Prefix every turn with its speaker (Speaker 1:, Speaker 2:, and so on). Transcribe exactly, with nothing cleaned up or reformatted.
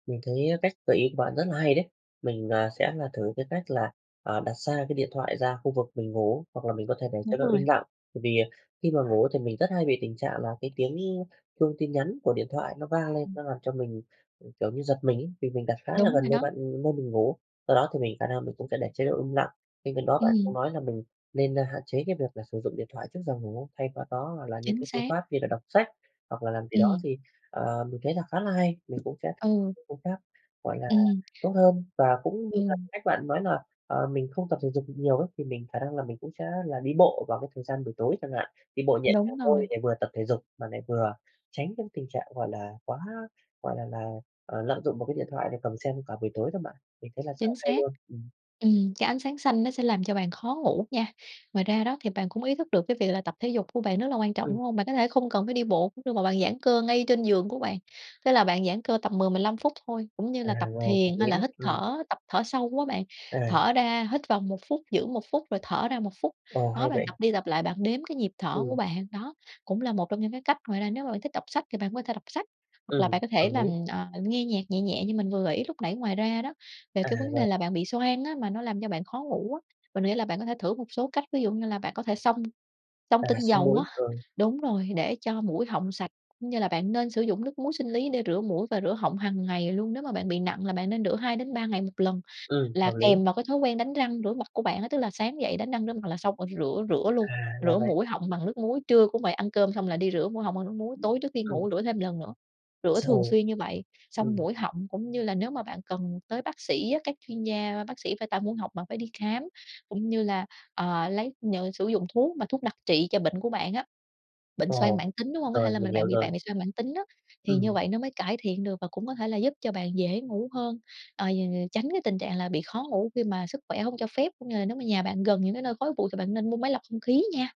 Speaker 1: Mình thấy cách gợi ý của bạn rất là hay đấy. Mình, ờ, sẽ là thử cái cách là, ờ, đặt xa cái điện thoại ra khu vực mình ngủ hoặc là mình có thể để
Speaker 2: Đúng
Speaker 1: chế độ
Speaker 2: rồi.
Speaker 1: im lặng. Bởi vì khi mà ngủ thì mình rất hay bị tình trạng là cái tiếng chuông tin nhắn của điện thoại nó vang lên,
Speaker 2: Ừm.
Speaker 1: nó làm cho mình, ừm, kiểu như, giật mình ấy, vì mình đặt khá là
Speaker 2: Đúng
Speaker 1: gần
Speaker 2: rồi
Speaker 1: nơi
Speaker 2: đó.
Speaker 1: bạn nơi mình ngủ. Do đó thì mình khả năng mình cũng sẽ để chế độ im lặng. Bên cạnh đó bạn cũng
Speaker 2: Ừm.
Speaker 1: nói là mình nên, à, hạn chế cái việc là sử dụng điện thoại trước giờ ngủ, thay vào đó hoặc là những
Speaker 2: Chính
Speaker 1: cái phương
Speaker 2: xác.
Speaker 1: pháp như là đọc sách, hoặc là làm gì đó,
Speaker 2: Ừm.
Speaker 1: thì, ờ, mình thấy là khá là hay, mình cũng sẽ
Speaker 2: Ừ.
Speaker 1: cũng khác, gọi là,
Speaker 2: Ừm.
Speaker 1: tốt hơn. Và cũng như là
Speaker 2: Ừm.
Speaker 1: cách bạn nói là, ờ, mình không tập thể dục được nhiều ấy, thì mình khả năng là mình cũng sẽ là đi bộ vào cái thời gian buổi tối chẳng hạn, đi bộ nhẹ nhàng
Speaker 2: Đúng
Speaker 1: thôi
Speaker 2: rồi.
Speaker 1: để vừa tập thể dục mà lại vừa tránh những tình trạng, gọi là, quá, gọi là là, ờ, lạm dụng vào cái điện thoại để cầm xem cả buổi tối đó bạn. Mình thấy là rất là
Speaker 2: Chính
Speaker 1: hay
Speaker 2: xác.
Speaker 1: luôn! Ừm.
Speaker 2: Ừm, cái ánh sáng xanh nó sẽ làm cho bạn khó ngủ nha. Ngoài ra đó thì bạn cũng ý thức được cái việc là tập thể dục của bạn rất là quan trọng, đúng
Speaker 1: Ừm.
Speaker 2: hông? Bạn có thể không cần phải đi bộ cũng được, mà bạn giãn cơ ngay trên giường của bạn. Thế là bạn giãn cơ tầm mười mười lăm phút thôi, cũng như
Speaker 1: À,
Speaker 2: là tập
Speaker 1: rồi, hợp
Speaker 2: thiền, hay
Speaker 1: lý
Speaker 2: là
Speaker 1: nhé.
Speaker 2: hít
Speaker 1: Ừm.
Speaker 2: thở, tập thở sâu á bạn,
Speaker 1: À!
Speaker 2: thở ra hít vào một phút, giữ một phút rồi thở ra một phút.
Speaker 1: Ồ!
Speaker 2: Đó,
Speaker 1: Hay
Speaker 2: bạn
Speaker 1: vậy!
Speaker 2: tập đi tập lại, bạn đếm cái nhịp thở của
Speaker 1: Ừm.
Speaker 2: bạn, đó cũng là một trong những cái cách. Ngoài ra, nếu mà bạn thích đọc sách thì bạn cũng có thể đọc sách, hoặc là
Speaker 1: Ừm,
Speaker 2: bạn có
Speaker 1: hợp
Speaker 2: thể làm,
Speaker 1: lý.
Speaker 2: ờ, nghe nhạc nhẹ nhẹ như mình vừa gợi ý lúc nãy. Ngoài ra đó, về
Speaker 1: À,
Speaker 2: cái vấn đề
Speaker 1: rồi.
Speaker 2: là bạn bị xoang á, mà nó làm cho bạn khó ngủ á, mình nghĩ là bạn có thể thử một số cách, ví dụ như là bạn có thể xông xông
Speaker 1: À,
Speaker 2: tinh
Speaker 1: xông
Speaker 2: dầu
Speaker 1: mũi,
Speaker 2: á
Speaker 1: rồi.
Speaker 2: đúng rồi, để cho mũi họng sạch, cũng như là bạn nên sử dụng nước muối sinh lý để rửa mũi và rửa họng hằng ngày luôn. Nếu mà bạn bị nặng là bạn nên rửa hai đến ba ngày một lần,
Speaker 1: Ừm,
Speaker 2: là
Speaker 1: hợp lý!
Speaker 2: kèm vào cái thói quen đánh răng rửa mặt của bạn á. Tức là sáng dậy đánh răng rửa mặt là xong rồi thì rửa rửa luôn,
Speaker 1: À! Ra
Speaker 2: rửa
Speaker 1: vậy!
Speaker 2: mũi họng bằng nước muối, trưa cũng vậy, ăn cơm xong là đi rửa mũi họng bằng nước muối, tối trước đi
Speaker 1: Ừm.
Speaker 2: ngủ rửa thêm lần nữa. Rửa thường
Speaker 1: Sầu
Speaker 2: xuyên như vậy, xông
Speaker 1: ừm.
Speaker 2: mũi họng, cũng như là nếu mà bạn cần tới bác sĩ á, các chuyên gia, bác sĩ về tai mũi họng, bạn phải đi khám, cũng như là, ờ, lấy, ờ, sử dụng thuốc mà thuốc đặc trị cho bệnh của bạn á, bệnh xoang
Speaker 1: Ồ!
Speaker 2: mãn tính, đúng hông? Có thể
Speaker 1: Rồi,
Speaker 2: là m
Speaker 1: mình hiểu
Speaker 2: bạn bị bạn
Speaker 1: rồi.
Speaker 2: bị xoang mãn tính đó, thì như
Speaker 1: Ừm.
Speaker 2: vậy nó mới cải thiện được và cũng có thể là giúp cho bạn dễ ngủ hơn. Ờ, tránh cái tình trạng là bị khó ngủ khi mà sức khỏe hông cho phép, cũng như là nếu mà nhà bạn gần những cái nơi khói bụi thì bạn nên mua máy lọc không khí nha.